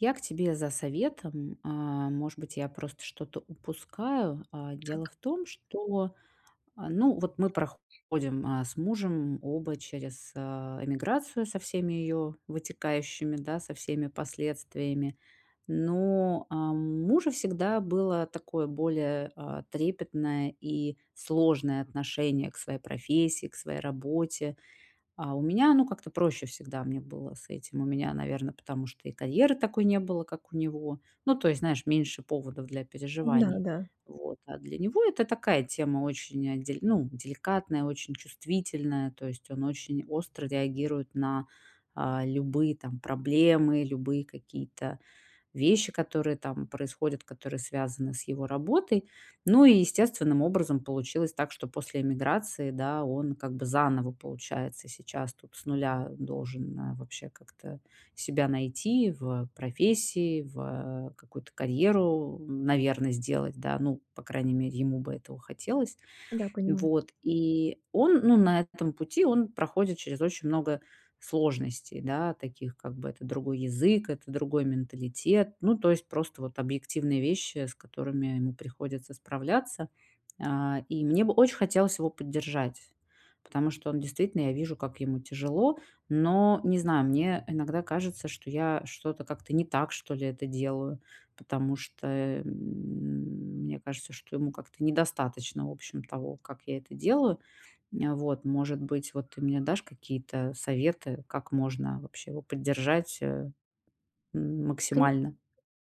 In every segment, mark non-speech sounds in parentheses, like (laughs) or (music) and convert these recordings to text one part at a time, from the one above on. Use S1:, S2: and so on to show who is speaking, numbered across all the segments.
S1: Я к тебе за советом. Э, может быть, я просто что-то упускаю, э? Дело
S2: Так.
S1: в том, что, а, ну, вот мы проходим, э, с мужем оба через, э, эмиграцию со всеми её вытекающими, да, со всеми последствиями. Но, а, у мужа всегда было такое более, э, трепетное и сложное отношение к своей профессии, к своей работе. А у меня оно как-то проще, всегда мне было с этим. У меня, наверно, потому что и карьеры такой не было, как у него. Ну, то есть, знаешь, меньше поводов для
S2: Да,
S1: переживаний.
S2: да.
S1: Вот, а для него это такая тема очень, дель ну, деликатная, очень чувствительная, то есть он очень остро реагирует на, э, любые, там, проблемы, любые какие-то вещи, которые там происходят, которые связаны с его работой. Ну и естественным образом получилось так, что после эмиграции, да, он как бы заново, получается, сейчас тут с 0, э, должен, э, вообще как-то себя найти в профессии, в, э, какую-то карьеру, м, наверно, сделать, да, ну, по крайней мере, ему бы этого хотелось.
S2: Да, понимаю.
S1: Вот, и он, ну, на этом пути он проходит через очень много сложностей, да, таких, как бы, это другой язык, это другой менталитет, ну, то есть просто вот объективные вещи, с которыми ему приходится справляться. А, и мне бы очень хотелось его поддержать, потому что он действительно, я вижу, как ему тяжело, но не знаю, мне иногда кажется, что я что-то как-то не так, что ли, это делаю, потому что, эм, мне кажется, что ему как-то недостаточно, в общем, того, как я это делаю, э, вот. Может быть, вот, ты мне дашь какие-то советы, как можно вообще его поддержать, э, м,
S2: Конь
S1: максимально?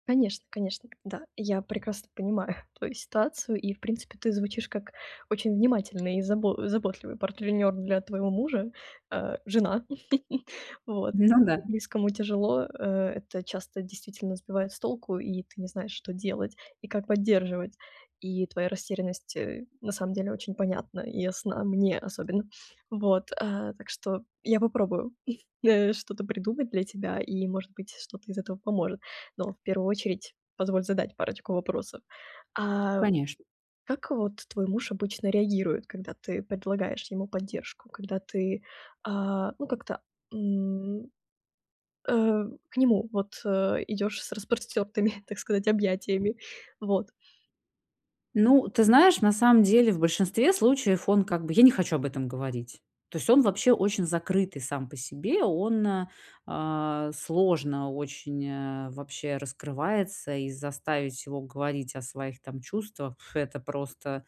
S2: конечно, конечно. Да, я прекрасно понимаю твою ситуацию. И, в принципе, ты звучишь как очень внимательный и забо заботливый партнёр для твоего мужа, э, жена. (chuckles) Вот.
S1: Ну да.
S2: Близкому тяжело. Э, это часто действительно сбивает с толку, и ты не знаешь, что делать и как поддерживать. И твоя растерянность, э, на самом деле очень понятна и ясна мне особенно. Вот, а, так что я попробую, э, что-то придумать для тебя, и, может быть, что-то из этого поможет. Но в 1 очередь позволь задать парочку вопросов. А
S1: Конечно.
S2: как вот твой муж обычно реагирует, когда ты предлагаешь ему поддержку, когда ты, а, ну, как-то, м, э, к нему, вот, э, идёшь с распростёртыми, (chuckles) так сказать, объятиями, вот.
S1: Ну, ты знаешь, на самом деле в большинстве случаев он как бы: "Я не хочу об этом говорить", то есть он вообще очень закрытый сам по себе, он, э, сложно очень, э, вообще раскрывается, и заставить его говорить о своих, там, чувствах- это просто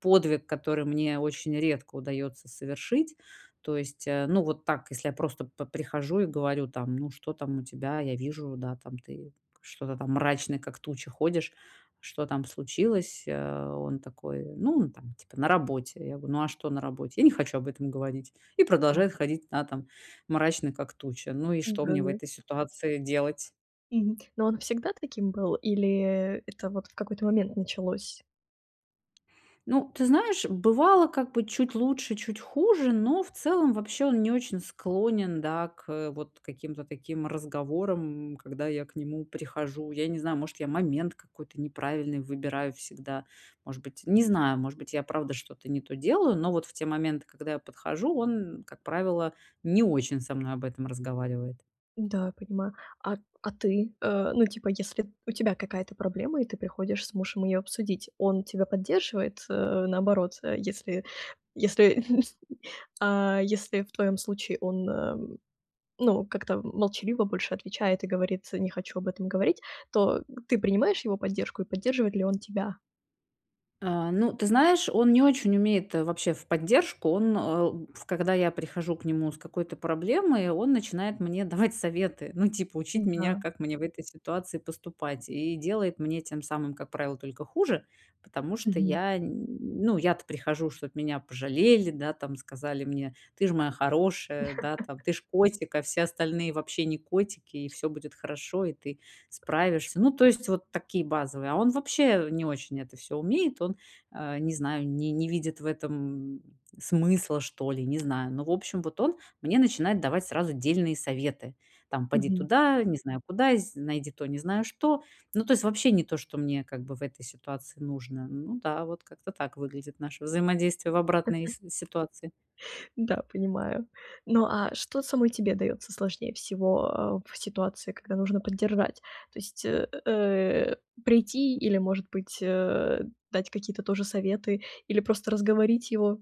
S1: подвиг, который мне очень редко удаётся совершить. То есть, э, ну, вот так, если я просто по прихожу и говорю, там: "Ну, что там у тебя?" Я вижу, да, там: "Ты что-то там мрачный, как туча ходишь, что там случилось, э?" Он такой: "Ну, там, типа, на работе". Я говорю: "Ну, а что на работе?" "Я не хочу об этом говорить". И продолжает
S2: (unintelligible)
S1: ходить, да, там, мрачный, как туча. Ну и
S2: Ну
S1: что
S2: да,
S1: мне в
S2: да.
S1: этой ситуации делать?
S2: Мгм, ну, он всегда таким был, или, э, это вот в какой-то момент началось?
S1: Ну, ты знаешь, бывало, как бы, чуть лучше, чуть хуже, но в целом вообще он не очень склонен, да, к, э, вот каким-то таким разговорам, когда я к нему прихожу. Я не знаю, может, я момент какой-то неправильный выбираю всегда, может быть, не знаю, может быть, я правда что-то не то делаю, но вот в те моменты, когда я подхожу, он, как правило, не очень со мной об этом разговаривает.
S2: Да, понимаю. А а ты? Э, ну, типа, если у тебя какая-то проблема, и ты приходишь с мужем её обсудить, он тебя поддерживает, э, наоборот, э? Если если (chuckles) а, если в твоём случае он, э, ну, как-то молчаливо больше отвечает и говорит: "Не хочу об этом говорить", то, э, ты принимаешь его поддержку, и поддерживает ли он тебя?
S1: А, ну, ты знаешь, он не очень умеет, э, вообще в поддержку. Он, э, в когда я прихожу к нему с какой-то проблемой, он начинает мне давать советы, ну, типа, учить меня,
S2: М-да.
S1: как мне в этой ситуации поступать, и делает мне тем самым, как правило, только хуже, потому что
S2: Мгм.
S1: я, н ну, я-то прихожу, чтоб меня пожалели, да, там, сказали мне: "Ты ж моя хорошая". Да, там:
S2: (giggles)
S1: "Ты ж котик, а все остальные вообще не котики, и всё будет хорошо, и ты справишься". Ну, то есть вот такие базовые. А он вообще не очень это всё умеет, он, э, не знаю, не не видит в этом смысла, что ли, не знаю. Но, в общем, вот он мне начинает давать сразу дельные советы, там: "Поди
S2: Мгм.
S1: туда, не знаю куда, з найди то, не знаю что". Ну, то есть вообще не то, что мне, как бы, в этой ситуации нужно. Ну да, вот как-то так выглядит наше взаимодействие в обратной
S2: (giggles)
S1: си ситуации.
S2: Да, понимаю. Ну, а что самой тебе даётся сложнее всего, э, в ситуации, когда нужно поддержать? То есть, э, э, прийти или, может быть, э, дать какие-то тоже советы, или просто разговорить его?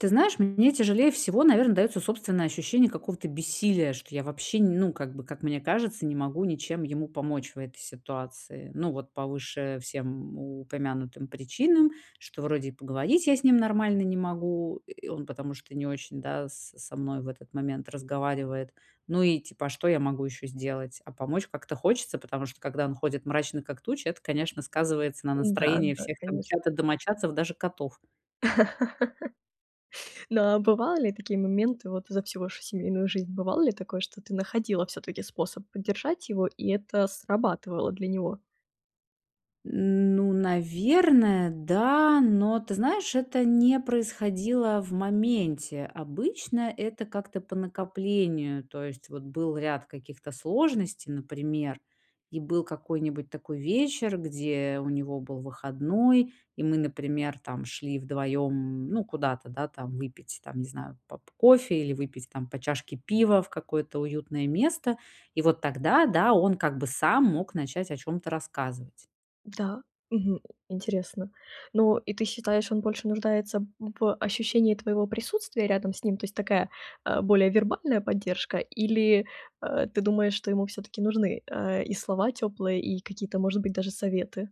S1: Ты знаешь, мне тяжелее всего, наверно, даётся собственное ощущение какого-то бессилия, что я вообще, не ну, как бы, как мне кажется, не могу ничем ему помочь в этой ситуации. Ну вот, по выше всем упомянутым причинам, что вроде и поговорить я с ним нормально не могу, э, и он, потому что не очень, да, со со мной в этот момент разговаривает. Ну и, типа, а что я могу ещё сделать? А помочь как-то хочется, потому что, когда он ходит мрачный, как туча, это, конечно, сказывается на
S2: Н-да,
S1: настроении
S2: да,
S1: всех, там,
S2: конечно.
S1: чьё-то домочадцев, даже котов.
S2: (laughs) Но, а, бывали такие моменты, вот, за всю вашу семейную жизнь? Бывало ли такое, что ты находила всё-таки способ поддержать его, и это срабатывало для него?
S1: М, ну, наверное, да, но, ты знаешь, это не происходило в моменте. Обычно это как-то по накоплению, то есть вот был ряд каких-то сложностей, например, и был какой-нибудь такой вечер, где у него был выходной, и мы, например, там, шли вдвоём, м, ну, куда-то, да, там, выпить, там, не знаю, поп кофе или выпить, там, по чашке пива в какое-то уютное место. И вот тогда, да, он как бы сам мог начать о чём-то рассказывать.
S2: Да, мгм, м, интересно. Ну, и ты считаешь, он больше нуждается в ощущении твоего присутствия рядом с ним? То есть такая, э, более вербальная поддержка, или, э, ты думаешь, что ему всё-таки нужны, э, и слова тёплые, и какие-то, может быть, даже советы?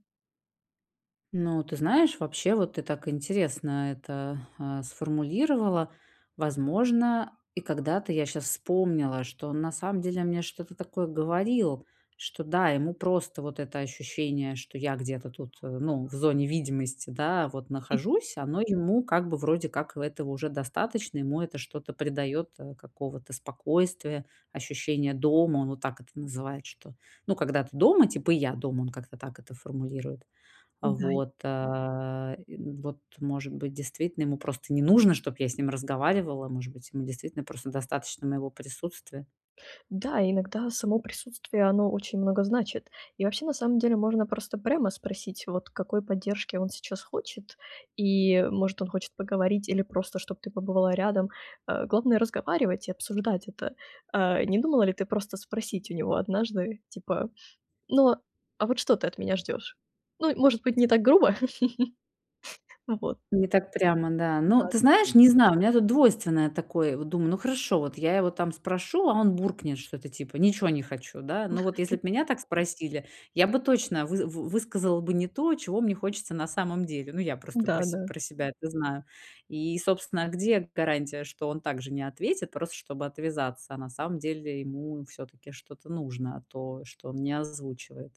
S1: Ну, ты знаешь, вообще, вот ты так интересно это, а, сформулировала. Возможно, и когда-то я щас вспомнила, что он на самом деле мне что-то такое говорил, что да, ему просто вот это ощущение, что я где-то тут, э, ну, в зоне видимости, да, вот
S2: (chuckles)
S1: нахожусь, оно ему, как бы, вроде как, и этого уже достаточно. Ему это что-то придаёт, а, какого-то спокойствия, ощущение дома. Он вот так это называет что: "Ну, когда ты дома, типа, и я дома"- он как-то так это формулирует.
S2: У
S1: А
S2: дай.
S1: вот, а, и вот, может быть, действительно ему просто не нужно, чтоб я с ним разговаривала, может быть, ему действительно просто достаточно моего присутствия?
S2: Да, иногда само присутствие оно очень много значит. И вообще, на самом деле, можно просто прямо спросить, вот, какой поддержки он сейчас хочет. И, может, он хочет поговорить или просто, чтобы ты побывала рядом. Э, главное разговаривать и обсуждать это. Э, не думала ли ты просто спросить у него однажды, типа: "Ну, а вот что ты от меня ждёшь?" Ну, может быть, не так грубо. (chuckles) Ну вот.
S1: Не так прямо, да.
S2: Ну
S1: Ну, ты
S2: да-да.
S1: знаешь, не знаю, у меня тут двойственное такое. Вот думаю: ну, хорошо, вот я его там спрошу, а он буркнет что-то типа "ничего не хочу", да. Но вот если б
S2: (chuckles)
S1: меня так спросили, я бы точно вы вы высказала бы не то, чего мне хочется на самом деле. Ну, я просто про се
S2: Да-да.
S1: про себя это знаю. И, собственно, где гарантия, что он также не ответит, просто чтобы отвязаться, а на самом деле ему всё-таки что-то нужно, то, что он не озвучивает?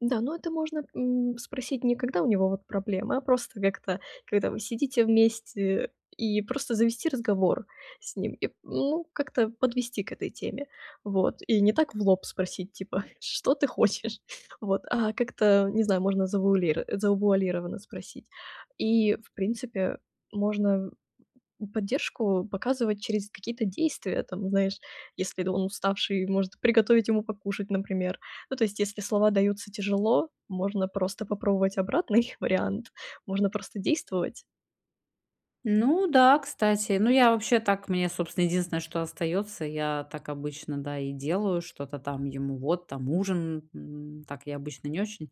S2: Да, но это можно, м, спросить не когда у него, вот, проблемы, а просто как-то, когда вы сидите вместе, и просто завести разговор с ним. И, ну, как-то подвести к этой теме. Вот, и не так в лоб спросить, типа: "Что ты хочешь?" Вот, а как-то, не знаю, можно завуалир э, завуалированно спросить. И, в принципе, можно поддержку показывать через какие-то действия. Там, знаешь, если он уставший, может приготовить ему покушать, например. Ну, то есть, если слова даются тяжело, можно просто попробовать обратный вариант. Можно просто действовать.
S1: Ну да, кстати. Ну, я вообще так мне, собственно, единственное, что остаётся- я так обычно, да, и делаю: что-то там ему вот там ужин. Н так я обычно не очень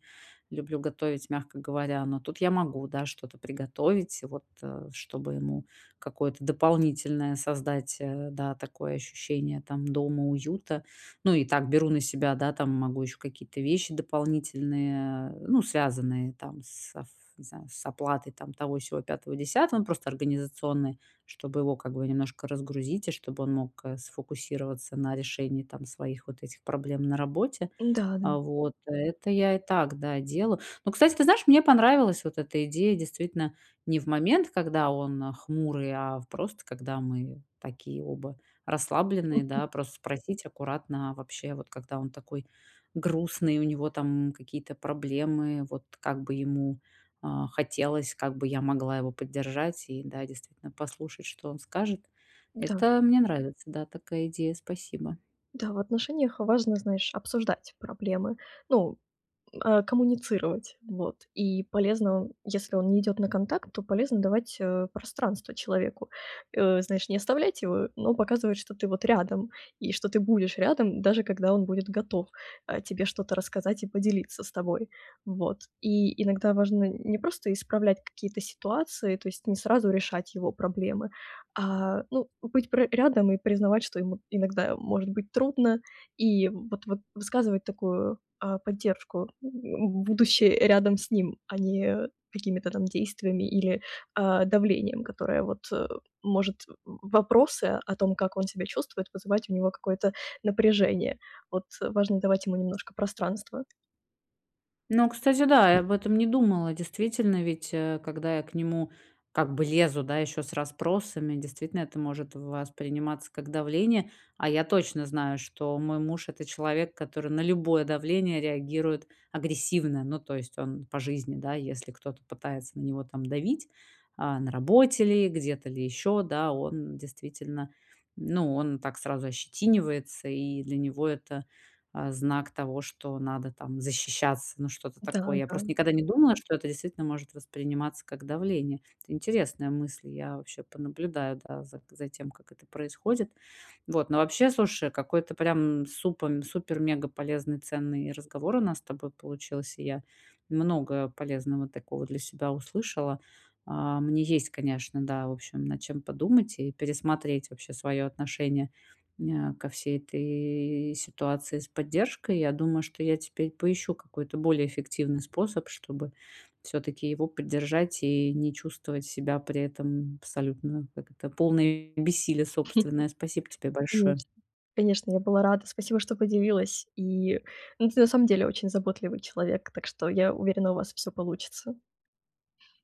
S1: люблю готовить, мягко говоря, но тут я могу, да, что-то приготовить, вот, э, чтобы ему какое-то дополнительное создать, э, да, такое ощущение там, дома уюта. Ну и так беру на себя, да, там, могу ещё какие-то вещи дополнительные, ну, связанные, там, с аф не знаю, с оплатой там того, сего, 5, 10, ну, просто организационные, чтобы его как бы немножко разгрузить и чтобы он мог, э, сфокусироваться на решении, там, своих вот этих проблем на работе.
S2: Ну да,
S1: А
S2: н
S1: вот, это я и так, да, делаю. Но, кстати, ты знаешь, мне понравилась вот эта идея, действительно, не в момент, когда он, а, хмурый, а в просто когда мы такие оба расслабленные, да,
S2: (chuckles)
S1: просто спросить аккуратно вообще, вот, когда он такой грустный, у него там какие-то проблемы, вот как бы ему, а, хотелось, как бы я могла его поддержать и, да, действительно послушать, что он скажет.
S2: Да.
S1: Это мне нравится. Да, такая идея, спасибо.
S2: Да, в отношениях важно, знаешь, обсуждать проблемы. Ну, э, коммуницировать, вот. И полезно, если он не идёт на контакт, то полезно давать, э, пространство человеку. Э, знаешь, не оставлять его, но показывать, что ты вот рядом, и что ты будешь рядом, даже когда он будет готов, э, тебе что-то рассказать и поделиться с тобой. Вот. И иногда важно не просто исправлять какие-то ситуации, то есть не сразу решать его проблемы, а ну, быть пр рядом и признавать, что ему иногда может быть трудно, и вот вот высказывать такую, а, поддержку, м, будучи рядом с ним, а не какими-то там действиями или, а, давлением, которое вот, э, может, в вопросы о том, как он себя чувствует, вызывать у него какое-то напряжение. Вот, э, важно давать ему немножко пространства.
S1: Ну, кстати, да, я об этом не думала. Действительно, ведь, э, когда я к нему как бы лезу, да, ещё с расспросами- действительно, это может восприниматься как давление. А я точно знаю, что мой муж- это человек, который на любое давление реагирует агрессивно. Ну, то есть он по жизни, да, если кто-то пытается на него там давить, а, на работе ли, где-то ли ещё, да- он действительно ну, он так сразу ощетинивается, и для него это, а, знак того, что надо там защищаться, ну, что-то
S2: Да,
S1: такое. Я
S2: да.
S1: просто никогда не думала, что это действительно может восприниматься как давление. Это интересная мысль. Я вообще понаблюдаю, да, за к за тем, как это происходит. Вот, но вообще, слушай, какой-то, прям супом супер-мегаполезный, ценный разговор у нас с тобой получился. Я много полезного такого для себя услышала. А, мне есть, конечно, да, в общем, над чем подумать и пересмотреть вообще своё отношение мя ко всей этой ситуации с поддержкой. Я думаю, что я теперь поищу какой-то более эффективный способ, чтобы всё-таки его поддержать и не чувствовать себя при этом абсолютно, как это- полной бессилия собственное. Спасибо тебе
S2: (chuckles) Конечно.
S1: большое.
S2: Конечно, я была рада. Спасибо, что поделилась. И, ну ты на самом деле очень заботливый человек. Так что я уверена у вас всё получится.